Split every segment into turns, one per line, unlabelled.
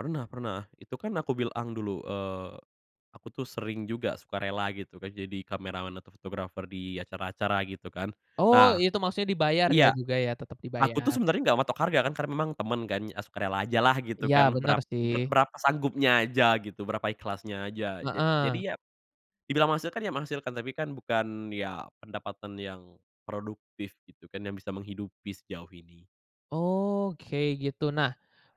Pernah pernah. Itu kan aku bilang dulu, eee, aku tuh sering juga sukarela gitu kan, jadi kameraman atau fotografer di acara-acara gitu kan.
Oh
Nah
itu maksudnya dibayar ya,
iya
juga ya, tetap
aku tuh
dibayar.
sebenernya enggak matok harga kan, karena memang temen kan, ah, sukarela aja lah gitu
Iya
kan
bener
berap ber
sih.
berapa sanggupnya aja gitu, berapa ikhlasnya aja. Ja
Heeh.
jadi, ya dibilang menghasilkan ya menghasilkan, tapi kan bukan, ya pendapatan yang produktif gitu kan yang bisa menghidupi sejauh ini.
Oke gitu. Nah,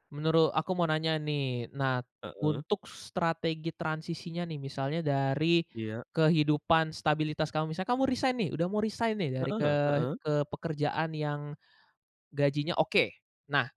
menuru aku mau nanya nih. Nah,
Heeh.
untuk strategi transisinya nih, misalnya dari
Iya.
kehidupan stabilitas kamu, misalnya kamu resign nih udah mau resign nih dari ke
Heeh heeh.
ke pekerjaan yang gajinya oke. Nah,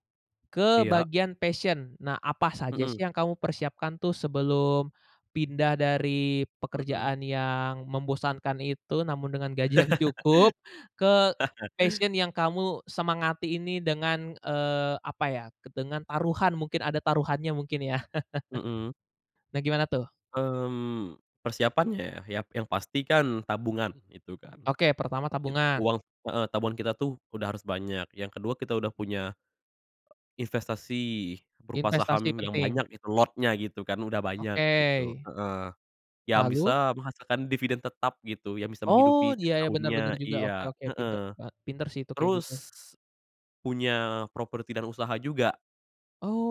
ke
Iya.
bagian passion nah apa saja
Hmm.
sih yang kamu persiapkan tuh sebelum pindah dari
Mhm.
pekerjaan yang membosankan itu namun dengan gaji yang cukup ke passion yang kamu semangati ini dengan, eee, apa ya keb dengan taruhan mungkin ada taruhannya mungkin ya.
Mhm.
Bagaimana tuh?
Mmm, persiapannya ya, yang pasti kan tabungan gitu kan.
Oke, pertama
Git
tabungan.
uang heeh tabungan kita tuh udah harus banyak, yang ke-2 kita udah punya investasi berupa
Investasi
saham yang
penting.
banyak lotnya gitu kan udah banyak gitu
Oke.
heeh. Yang
Lalu?
bisa menghasilkan dividen tetap gitu, yang bisa
Oh
menghidupi setiap
dia ya bener-bener
tahunnya
juga oke
iya,
oke pinter
heeh.
ba pinter sih itu kayak
Terus
gitu.
punya properti dan usaha juga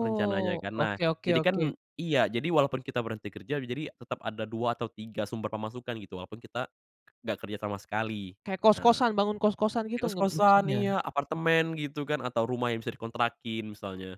rencananya kan. Nah,
oke oke
jadi kan
oke.
iya jadi walaupun kita berhenti kerja, jadi tetep ada 2 atau 3 sumber pemasukan gitu, walaupun kita enggak kerja sama sekali.
Kayak
Nah,
kos-kosan bangun kos-kosan gitu g m
kos-kosan
maksudnya.
iya apartemen gitu kan, atau rumah yang bisa dikontrakin misalnya.